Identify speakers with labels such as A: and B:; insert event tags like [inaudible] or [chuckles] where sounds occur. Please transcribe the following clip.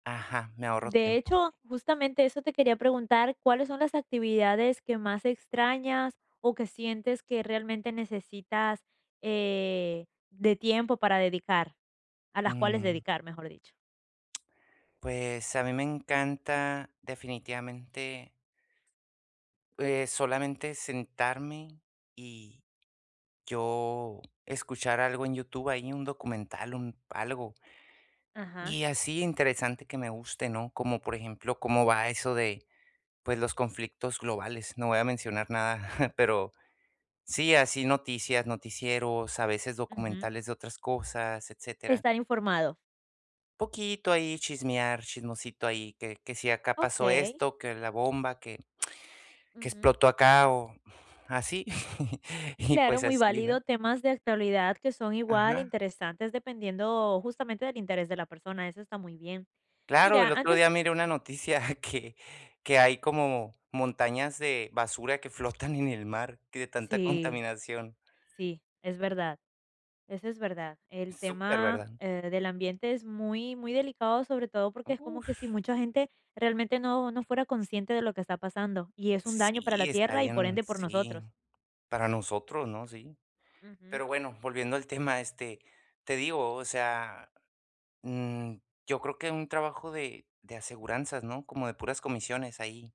A: Ajá, me ahorró
B: De
A: tiempo.
B: hecho, justamente eso te quería preguntar, ¿cuáles son las actividades que más extrañas, o que sientes que realmente necesitas, eh, de tiempo para dedicar? A las cuales
A: Mm.
B: dedicar, mejor dicho.
A: Pues a mí me encanta definitivamente eh, solamente sentarme y yo escuchar algo en YouTube, ahí un documental, un algo.
B: Ajá.
A: Y así interesante que me guste, ¿no? Como por ejemplo, cómo va eso de, pues, los conflictos globales, no voy a mencionar nada, [chuckles] pero sí, así noticias, noticieros, a veces
B: Ujú.
A: documentales de otras cosas, etcétera.
B: Estar informado.
A: Poquito ahí chismear, chismosito ahí, que que si acá pasó
B: Okey.
A: esto, que la bomba, que [smacks lips] que
B: Ujú.
A: explotó acá o así, [chuckles] y
B: Claro,
A: pues
B: muy
A: así, ¿no?
B: válido. Temas de actualidad que son igual,
A: Ajá.
B: interesantes, dependiendo, justamente, del interés de la persona, eso está muy bien.
A: Claro,
B: Mira,
A: el otro
B: antes
A: día miré una noticia que que hay como montañas de basura que flotan en el mar, que de tanta
B: Sí,
A: contaminación.
B: sí, es verdad, eso es verdad. El
A: Súper,
B: tema,
A: ¿verdad?
B: eh, del ambiente es muy muy delicado, sobre todo porque es como que si
A: Uf.
B: mucha gente realmente no no fuera consciente de lo que está pasando, y es un daño para la
A: Sí, está
B: tierra y por
A: bien
B: ende, por nosotros.
A: sí, para nosotros, ¿no? Sí.
B: Ujú.
A: Pero bueno, volviendo al tema, este, te digo, o sea, mm, yo creo que un trabajo de de aseguranzas, ¿no? Como de puras comisiones ahí.